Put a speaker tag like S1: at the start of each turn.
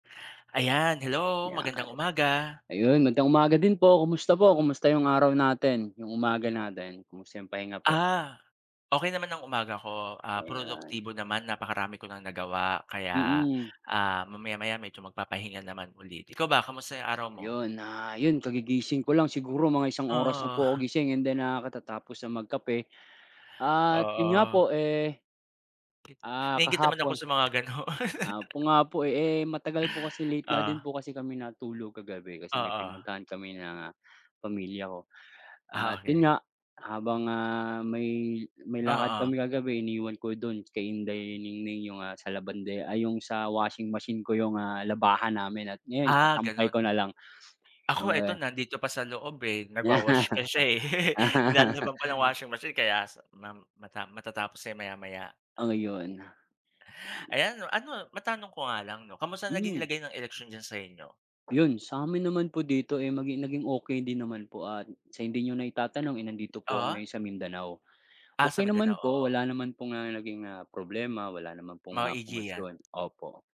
S1: Ayan, hello
S2: Yan.
S1: magandang umaga!
S2: Ayun magandang umaga din po kumusta po kumusta 'yong araw natin? Yung umaga natin? Kumusta yong pahinga po?
S1: Ah, okey naman ang umaga ko. Ah,
S2: Ayan.
S1: produktibo naman napakarami ko nang nagawa kaya,
S2: Mm.
S1: ah, mamaya-maya medyo magpapahinga naman ulit ikaw ba kamusta 'yong araw mo?
S2: Yun, ah, yun kagigising ko lang siguro mga isang oras na
S1: Oo.
S2: po ako gising and then, ah, katatapos na magkape at yun nga
S1: Oo.
S2: po, eh Ah,
S1: Naiinggit naman ako
S2: kahapon
S1: sa mga ganun.
S2: Ah, po nga po, eh, matagal po kasi late na din
S1: Oh.
S2: po kasi kami natulog kagabi kasi may
S1: Oo.
S2: pinuntahan kami ng, ah, pamilya ko.
S1: Ah,
S2: At yun
S1: okey.
S2: nga, habang, ah, may may lakad
S1: Oo.
S2: kami kagabi iniwan ko do'n kay Inday Ningning 'yong sa labandera, ay 'yong sa washing machine ko yung labahan namin at ngayon
S1: Ah, ganun.
S2: sasampay ko na lang.
S1: Ako
S2: Oo,
S1: eto
S2: eh
S1: nandito pa sa loob, eh, nagwa-wash pa siya, eh, nilalabhan pa ng washing machine kaya mam matam matatapos na yan maya-maya.
S2: Oh, yun.
S1: Ayan, ano matanong ko nga lang no kamusta naging
S2: Mm.
S1: lagay ng eleksyon diyan sa inyo?
S2: Yun, sa'min naman po dito, eh, maging naging okey din naman po at sa hindi niyo na itatanong, eh, nandito po ako
S1: Oh?
S2: ngayon sa Mindanao.
S1: Ah, sa
S2: Okey naman
S1: Mindanao,
S2: po
S1: oo.
S2: wala naman pong, ah, naging, ah, problema wala naman pong ah,
S1: Maigi yan.
S2: komosyon, opo.